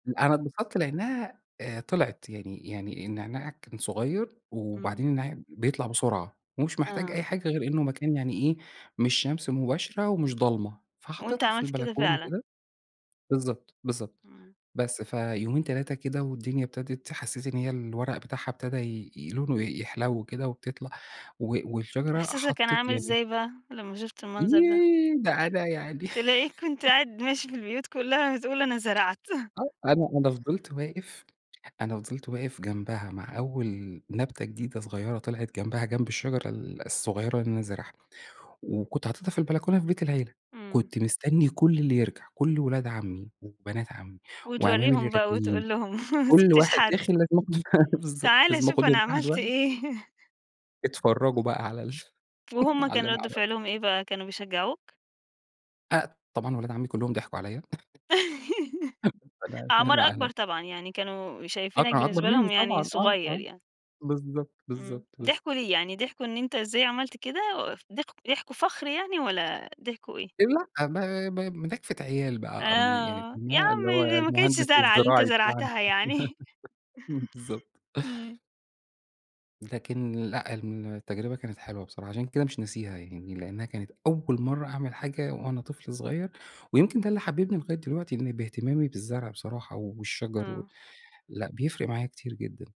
أنا اتبسطت لأنها آآ طلعت يعني يعني النعناع كان صغير، إمم. وبعدين النع بيطلع بسرعة، ومش محتاج آه. أي حاجة غير إنه مكان يعني إيه مش شمس مُباشرة، ومش ضلمة، وأنت فحطّيتها في عملت كده البلكونة فعلًا؟ كده، بالضبط، بالضبط، إمم. بس فيومين، 3 كده والدُنيا ابتدت حسَّيت إن هي الورق بتاعها أبتدى ي لونُه يحلو كده وبتطلع، و والشجرة إحساسك كان حطّت عامل يعني إزاي بقى، لمّا شُفت المنظر ده؟ ييه، ده أنا يعني تلاقيك كُنت قاعد ماشي في البيوت كُلّها بتقول أنا زرعت. آه، أنا أنا فضلت واقف، أنا فضلت واقف جنبها مع أول نبتة جديدة صغيرة طلعت جنبها جنب الشجرة ال الصغيرة اللي أنا زارعها، وكنت حاطتها في البلكونة في بيت العيلة، إمم. كنت مستني كُلّ اللي يرجع، كُلّ ولاد عمي وبنات عمي وأعمامي اللي وتورِّيهم بقى راجعين، وتقول لهم، ما كُلّ سيبتش واحد حد. داخل لازم أخدُه ف بالضبط، تعال لازم شوف أنا أخُدهُم واحد عملت واحد. إيه. أتفرَّجُوا بقى على ال وهُم على كان اللي أنا رد عملتُه. فعلهم إيه بقى، كانوا بيشجّعُوك؟ آآ طبعًا ولاد عمي كُلّهُم ضحكواعليّا. فأنا أعمار أكبر [unintelligible] طبعًا، يعني كانوا آه، شايفينك كانوا أكبر بالنسبة مني لهم يعني طبعًا، آه، صغير آه يعني. بالضبط، إمم، بالضبط، بالضبط. ضحكوا ليه؟ يعني ضحكوا إن أنت إزاي عملت كده و ض ضحكوا فخر يعني، والَّا ضحكوا إيه؟ لأ، ب ب مناكفة عيال بقى، ام يعني آه، يا [unintelligible] اللي هو عمي دي ما كانتش المُهندس زرعة اللي أنت الزِّراعي بتاعنا زرعتها يعني. بالضبط. إمم. لكن لأ، التجربة كانت حلوة بصراحة، عشان كده مش ناسيها، يعني لأنها كانت أول مَرَّة أعمل حاجة وأنا طفل صغير، ويمكن ده اللي حببني لغاية دلوقتي إني باهتمامي بالزرع بصراحة والشجر و آه. لأ، بيفرق معايا كتير جدًا.